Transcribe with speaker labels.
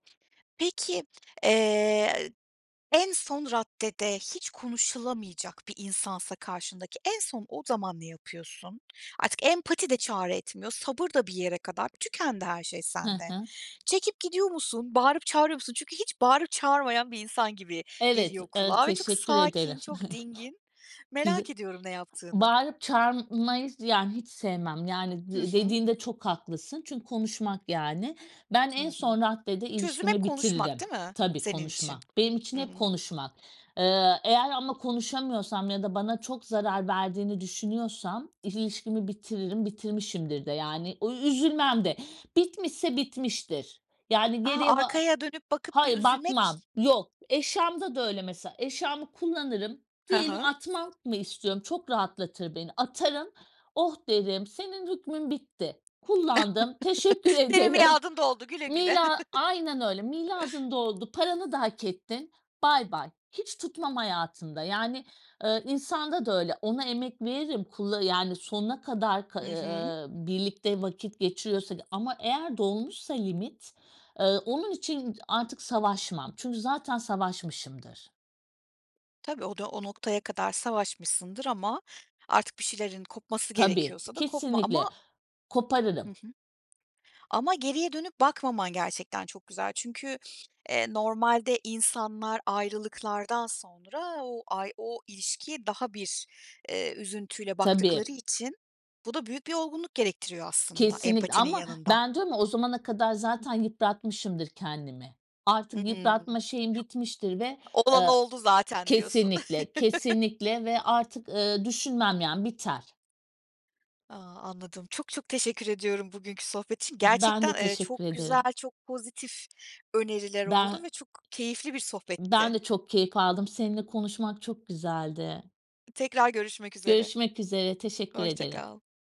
Speaker 1: Peki, eee, en son raddede hiç konuşulamayacak bir insansa karşındaki en son o zaman ne yapıyorsun? Artık empati de çare etmiyor, sabır da bir yere kadar, tükendi her şey
Speaker 2: Hı
Speaker 1: sende.
Speaker 2: hı.
Speaker 1: Çekip gidiyor musun? Bağırıp çağırıyor musun? Çünkü hiç bağırıp çağırmayan bir insan gibi
Speaker 2: Evet,
Speaker 1: geliyor
Speaker 2: ııı,
Speaker 1: kulağa ve çok
Speaker 2: teşekkür ederim.
Speaker 1: sakin, çok dingin. Merak
Speaker 2: [unintelligible]
Speaker 1: ediyorum ne yaptığını.
Speaker 2: Bağırıp, çağırmayı yani, hiç sevmem yani,
Speaker 1: Hı
Speaker 2: d
Speaker 1: hı.
Speaker 2: dediğinde çok haklısın. Çünkü konuşmak yani. Ben
Speaker 1: Hı
Speaker 2: en son
Speaker 1: hı.
Speaker 2: raddede
Speaker 1: Çözüm hep
Speaker 2: ilişkimi
Speaker 1: konuşmak
Speaker 2: bitiririm.
Speaker 1: değil mi
Speaker 2: Tabii,
Speaker 1: senin için?
Speaker 2: konuşma; benim için
Speaker 1: Hı
Speaker 2: hep
Speaker 1: hı.
Speaker 2: konuşmak. Eee, eğer ama konuşamıyorsam ya da bana çok zarar verdiğini düşünüyorsam, ilişkimi bitiririm; bitirmişimdir de yani [unintelligible] üzülmem de. Bitmişse bitmiştir. Yani,
Speaker 1: A,
Speaker 2: geriye ba
Speaker 1: arkaya dönüp bakıp bir
Speaker 2: Hayır, bakmam.
Speaker 1: üzülmek.
Speaker 2: Yok eşyamda da öyle mesela; eşyamı kullanırım
Speaker 1: Hı
Speaker 2: diyelim
Speaker 1: hı.
Speaker 2: atmak mı istiyorum, çok rahatlatır beni, atarım. Oh derim, senin hükmün bitti, kullandım teşekkür
Speaker 1: Senin
Speaker 2: ederim.
Speaker 1: miadın doldu, güle güle.
Speaker 2: Milad aynen öyle. Miadın doldu, paranı da hak ettin, bay bay. Hiç tutmam hayatımda. Yani, eee, insanda da öyle; ona emek veririm, kulla yani sonuna kadar k
Speaker 1: Hı hı.
Speaker 2: ııı, birlikte vakit geçiriyorsak. Ama eğer dolmuşsa limit, ııı, onun için ı artık savaşmam. Çünkü zaten savaşmışımdır
Speaker 1: Tabii, o da, o noktaya kadar savaşmışsındır ama, artık bir şeylerin kopması
Speaker 2: Tabii,
Speaker 1: gerekiyorsa da kopma,
Speaker 2: kesinlikle,
Speaker 1: ama Hı
Speaker 2: koparırım.
Speaker 1: hı. Ama geriye dönüp bakmaman, gerçekten çok güzel. Çünkü, eee, normalde insanlar ayrılıklardan sonra o ay, o ilişkiye daha bir, eee, üzüntüyle
Speaker 2: Tabii.
Speaker 1: baktıkları için, bu da büyük bir olgunluk gerektiriyor aslında,
Speaker 2: Kesinlikle.
Speaker 1: empatinin
Speaker 2: Ama
Speaker 1: yanında.
Speaker 2: ben diyorum ya o zamana kadar zaten yıpratmışımdır, kendimi. Artık
Speaker 1: Hıı.
Speaker 2: yıpratma şeyim bitmiştir ve
Speaker 1: Olan
Speaker 2: eee
Speaker 1: oldu zaten diyorsun.
Speaker 2: kesinlikle, kesinlikle ve artık, ııı, düşünmem yani biter.
Speaker 1: A, anladım. Çok, çok teşekkür ediyorum bugünkü sohbet için.
Speaker 2: B ben
Speaker 1: Gerçekten
Speaker 2: de
Speaker 1: eee,
Speaker 2: teşekkür
Speaker 1: çok güzel,
Speaker 2: ederim.
Speaker 1: çok pozitif öneriler oldu
Speaker 2: Ben
Speaker 1: ve çok keyifli bir
Speaker 2: Ben
Speaker 1: sohbetti.
Speaker 2: de çok keyif aldım. Seninle konuşmak, çok güzeldi.
Speaker 1: Tekrar görüşmek üzere.
Speaker 2: Görüşmek üzere teşekkür
Speaker 1: Hoşça
Speaker 2: ederim.
Speaker 1: kal.